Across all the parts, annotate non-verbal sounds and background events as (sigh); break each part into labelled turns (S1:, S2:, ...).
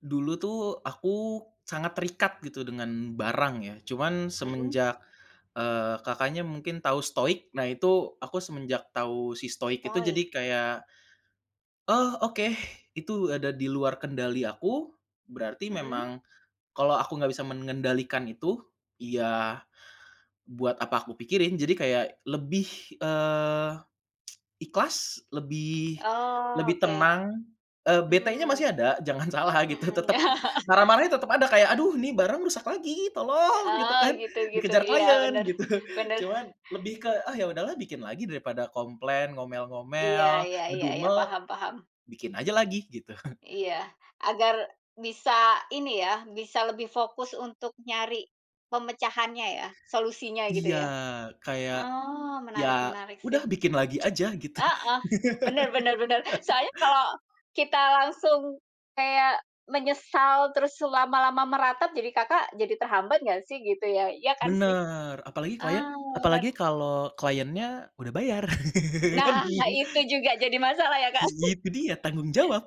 S1: Dulu tuh aku sangat terikat gitu dengan barang ya, cuman
S2: Mhm.
S1: semenjak, eee, Kakaknya mungkin tahu stoik? Nah itu aku semenjak tahu si stoik itu jadi
S2: Stoik.
S1: kayak, oh oke itu ada di luar kendali aku, berarti
S2: Mhm.
S1: memang kalau aku nggak bisa mengendalikan itu, ya buat apa aku pikirin. Jadi kayak lebih, eee, (tsk) ikhlas, lebih
S2: Oh
S1: lebih
S2: oke.
S1: tenang, eee, betenya
S2: Mmm.
S1: masih ada, jangan salah gitu
S2: Mhm.
S1: tetep
S2: (chuckles)
S1: marah-marahnya tetep ada kayak, "Aduh ini barang rusak lagi, tolong!" gitu
S2: Oh
S1: kan.
S2: gitu gitu.
S1: Dikejar
S2: Iya,
S1: klien
S2: bener,
S1: gitu. (chuckles)
S2: bener.
S1: Cuman lebih ke, "Ah ya udahlah bikin lagi daripada komplain,
S2: Iya
S1: ngomel-ngomel,
S2: iya iya iya.
S1: ngedumel,
S2: Paham paham.
S1: bikin aja lagi," gitu. (chuckles)
S2: Iya. Agar bisa ini ya, bisa lebih fokus untuk nyari pemecahannya ya, solusinya gitu
S1: Iya
S2: ya.
S1: kayak,
S2: Oh,
S1: ya
S2: menarik menarik sih.
S1: udah bikin lagi aja, gitu.
S2: Heeh. Bener bener bener.
S1: (laughs)
S2: Soalnya kalau kita langsung kayak menyesal, terus lama-lama meratap, jadi Kakak jadi terhambat nggak sih gitu ya, iya kan sih?
S1: Bener, apalagi klien
S2: Eee,
S1: apalagi
S2: bener.
S1: kalau kliennya udah bayar. (laughs)
S2: Nah, itu juga jadi masalah ya Kak.
S1: Itu
S2: (chuckles)
S1: dia, tanggung jawab.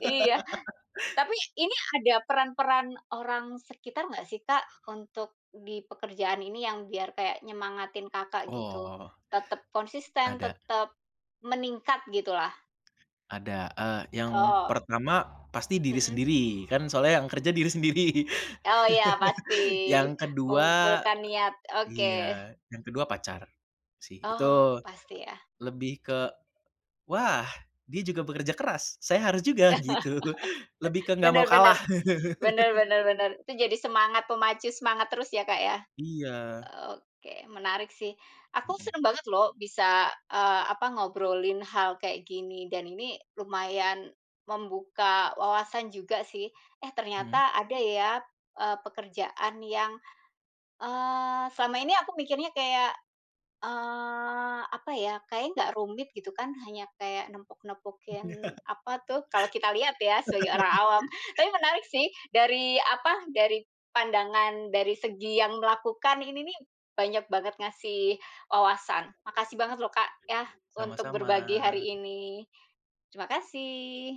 S2: Iya. Tapi, ini ada peran-peran orang sekitar enggak sih Kak, untuk di pekerjaan ini yang biar kayak nyemangatin Kakak gitu?
S1: Oh.
S2: Tetap konsisten,
S1: Ada.
S2: tetap meningkat gitu lah.
S1: Ada. Eee, yang
S2: Oh.
S1: pertama, pasti diri
S2: Mhm.
S1: sendiri kan soalnya yang kerja diri sendiri.
S2: Oh iya pasti,
S1: (chuckles) Yang kedua
S2: mengumpulkan niat. Oke.
S1: iya, yang kedua pacar sih. Itu,
S2: Oh, pasti ya.
S1: lebih ke, wah dia juga bekerja keras, saya harus juga gitu. (chuckles) Lebih ke
S2: (chuckles)
S1: nggak mau
S2: Benar benar.
S1: kalah.
S2: Benar
S1: (chuckles)
S2: benar benar. Itu jadi semangat pemacu semangat terus ya Kak ya.
S1: Iya.
S2: Oke, menarik sih. Aku
S1: Mhm.
S2: senang banget lho bisa, eee, apa, ngobrolin hal kayak gini, dan ini lumayan membuka wawasan juga sih, eh
S1: Mhm.
S2: ternyata ada ya, eee, pekerjaan yang, eee, selama ini aku mikirnya kayak, eee, apa ya, kayaknya nggak rumit gitu kan, hanya kayak nempok-nempokin apa
S1: (chuckles)
S2: tuh, kalau kita lihat ya sebagai orang
S1: (chuckles)
S2: awam. Tapi menarik sih, dari apa, dari pandangan dari segi yang melakukan, ini nih banyak banget ngasih wawasan. Makasih banget lho Kak ya, untuk
S1: Sama-sama.
S2: berbagi hari ini. Terima kasih.